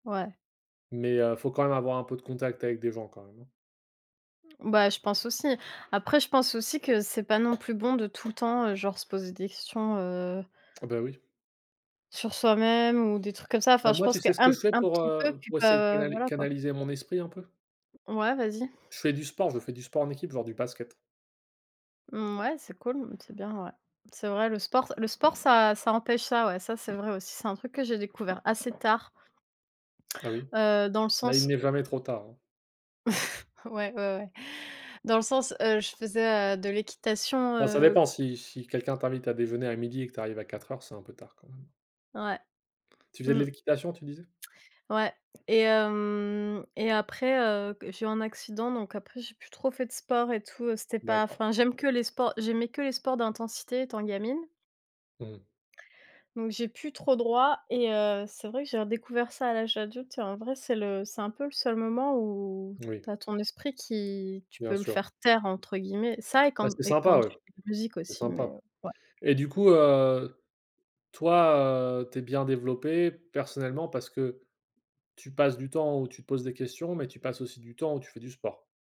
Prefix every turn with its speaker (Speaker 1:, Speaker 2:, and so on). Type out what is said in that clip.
Speaker 1: Ouais.
Speaker 2: Mais heu, faut quand même avoir un peu de contact avec des gens quand même, hein.
Speaker 1: Bah, je pense aussi après je pense aussi que c'est pas non plus bon de tout le temps, heu, genre se poser des questions, heu
Speaker 2: Ah bah oui.
Speaker 1: sur soi-même ou des trucs comme ça. Enfin,
Speaker 2: Heu,
Speaker 1: je
Speaker 2: moi,
Speaker 1: pense
Speaker 2: tu
Speaker 1: qu'un
Speaker 2: sais ce que je
Speaker 1: p
Speaker 2: fais
Speaker 1: un
Speaker 2: pour,
Speaker 1: petit peu,
Speaker 2: heu,
Speaker 1: puis
Speaker 2: pour essayer de
Speaker 1: pas
Speaker 2: canali
Speaker 1: voilà quoi.
Speaker 2: canaliser mon esprit un peu?
Speaker 1: Ouais, vas-y.
Speaker 2: Je fais du sport, je fais du sport en équipe, genre du basket.
Speaker 1: Mouais, c'est cool, c'est bien ouais, c'est vrai, le sport ça le sport ça ça empêche ça ouais ça c'est vrai aussi, c'est un truc que j'ai découvert assez tard.
Speaker 2: Ah oui,
Speaker 1: Heu, dans le
Speaker 2: ben il
Speaker 1: sens
Speaker 2: n'est
Speaker 1: l
Speaker 2: jamais trop tard hein.
Speaker 1: Ouais, ouais, ouais. Dans le sens, heu, je faisais, heu, de l'équitation,
Speaker 2: Ah ça
Speaker 1: heu
Speaker 2: dépend si si quelqu'un t'invite à déjeuner à 12:00 et que tu arrives à 16h00, c'est un peu tard quand même.
Speaker 1: Ouais.
Speaker 2: Tu faisais de
Speaker 1: Mmh.
Speaker 2: l'équitation, tu disais?
Speaker 1: Ouais et hem, et après, heu, g j'ai eu un accident donc après j'ai plus trop fait de sport et tout, c'était pas,
Speaker 2: D'accord.
Speaker 1: enfin, j'aime que les sports, j'aimais que les sports d'intensité étant gamine.
Speaker 2: Mmh.
Speaker 1: Donc j'ai plus trop droit et heu, c'est vrai que j'ai redécouvert ça à l'âge adulte et en vrai c'est le c'est un peu le seul moment où tu
Speaker 2: Moui.
Speaker 1: as ton esprit qui tu
Speaker 2: Bien
Speaker 1: peux le
Speaker 2: sûr.
Speaker 1: faire «taire» entre guillemets, ça et
Speaker 2: Bah,
Speaker 1: quand
Speaker 2: c'est
Speaker 1: et quand
Speaker 2: sympa ouais.
Speaker 1: j musique
Speaker 2: C'est
Speaker 1: aussi mais
Speaker 2: sympa
Speaker 1: ouais.
Speaker 2: et du coup, heu, toi, heu, tu es bien développé personnellement, parce que tu passes du temps où tu te poses des questions, mais tu passes aussi du temps où tu fais du sport?